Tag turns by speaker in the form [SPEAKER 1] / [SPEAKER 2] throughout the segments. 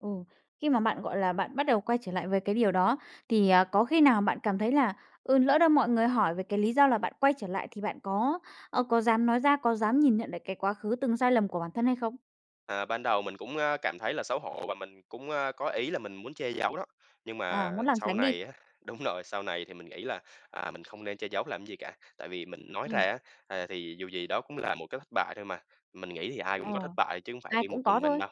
[SPEAKER 1] Ừ. Khi mà bạn, gọi là, bạn bắt đầu quay trở lại với cái điều đó, thì, à, có khi nào bạn cảm thấy là, ừ, lỡ đâu mọi người hỏi về cái lý do là bạn quay trở lại thì bạn có, ờ, có dám nói ra, có dám nhìn nhận về cái quá khứ từng sai lầm của bản thân hay không?
[SPEAKER 2] À, ban đầu mình cũng, a, cảm thấy là xấu hổ và mình cũng, a, có ý là mình muốn che giấu đó, nhưng
[SPEAKER 1] À,
[SPEAKER 2] mà
[SPEAKER 1] muốn lảng
[SPEAKER 2] sau
[SPEAKER 1] tránh đi.
[SPEAKER 2] này á đúng rồi, sau này thì mình nghĩ là, à, mình không nên che giấu làm gì cả. Tại vì mình nói ra
[SPEAKER 1] Ừm.
[SPEAKER 2] á, à, thì dù gì đó cũng là một cái thất bại thôi mà, mình nghĩ thì ai
[SPEAKER 1] Ờ,
[SPEAKER 2] cũng có thất bại chứ không phải
[SPEAKER 1] ai
[SPEAKER 2] đi một
[SPEAKER 1] cũng có
[SPEAKER 2] mình mình
[SPEAKER 1] thôi.
[SPEAKER 2] đâu.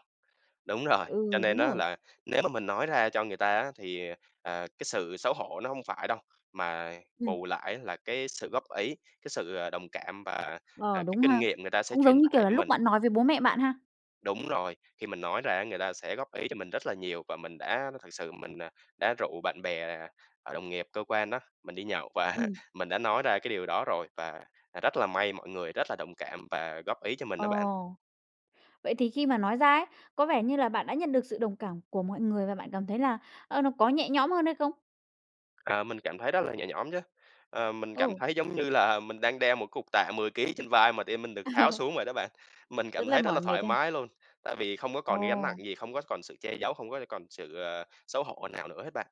[SPEAKER 2] Đúng rồi, cho
[SPEAKER 1] Ừ,
[SPEAKER 2] nên
[SPEAKER 1] đúng
[SPEAKER 2] á
[SPEAKER 1] rồi.
[SPEAKER 2] là, nếu mà mình nói ra cho người ta á, thì, à, cái sự xấu hổ nó hông phải đâu, mà
[SPEAKER 1] Ừm.
[SPEAKER 2] bù lại á là cái sự góp ý, cái sự, à, đồng cảm và, à,
[SPEAKER 1] Ờ,
[SPEAKER 2] cái
[SPEAKER 1] đúng
[SPEAKER 2] kinh
[SPEAKER 1] ha.
[SPEAKER 2] nghiệm người ta sẽ
[SPEAKER 1] Cũng
[SPEAKER 2] truyền
[SPEAKER 1] giống như, kiểu,
[SPEAKER 2] tải
[SPEAKER 1] là
[SPEAKER 2] cho
[SPEAKER 1] lúc
[SPEAKER 2] mình.
[SPEAKER 1] bạn nói với bố mẹ bạn ha.
[SPEAKER 2] Đúng rồi, khi mình nói ra á, người ta sẽ góp ý cho mình rất là nhiều. Và mình đã thật sự mình, à, đã rủ bạn bè, ờ, đồng nghiệp cơ quan đó, mình đi nhậu và
[SPEAKER 1] Ừm.
[SPEAKER 2] mình đã nói ra cái điều đó rồi, và rất là may mọi người rất là đồng cảm và góp ý cho mình
[SPEAKER 1] Ờ,
[SPEAKER 2] đó bạn.
[SPEAKER 1] vậy thì khi mà nói ra ấy, có vẻ như là bạn đã nhận được sự đồng cảm của mọi người và bạn cảm thấy là, ơ, nó có nhẹ nhõm hơn hay không?
[SPEAKER 2] À, mình cảm thấy rất là nhẹ nhõm chứ, ờ, mình cảm
[SPEAKER 1] Ừ.
[SPEAKER 2] thấy, giống như là, mình đang đeo một cục tạ 10 ký trên vai mà tự nhiên mình được tháo xuống vậy đó bạn. Mình
[SPEAKER 1] Rất
[SPEAKER 2] cảm
[SPEAKER 1] là
[SPEAKER 2] thấy rất là
[SPEAKER 1] mỏi mệt
[SPEAKER 2] thoải
[SPEAKER 1] ha?
[SPEAKER 2] mái luôn, tại vì không có còn cái gánh nặng
[SPEAKER 1] Ồ.
[SPEAKER 2] gì, không có còn sự che giấu, không có, ơ, còn sự, ờ, xấu hổ nào nữa hết bạn.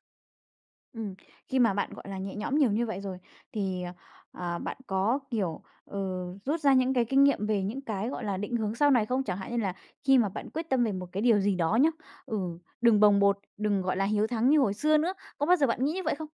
[SPEAKER 1] Ừm, khi mà bạn, gọi là, nhẹ nhõm nhiều như vậy rồi, thì, ờ, ờ, bạn có, kiểu, ừ, rút ra những cái kinh nghiệm về những cái, gọi là, định hướng sau này không? Chẳng hạn như là khi mà bạn quyết tâm về một cái điều gì đó nhá, ừ, đừng bồng bột, đừng, gọi là, hiếu thắng như hồi xưa nữa, có bao giờ bạn nghĩ như vậy không?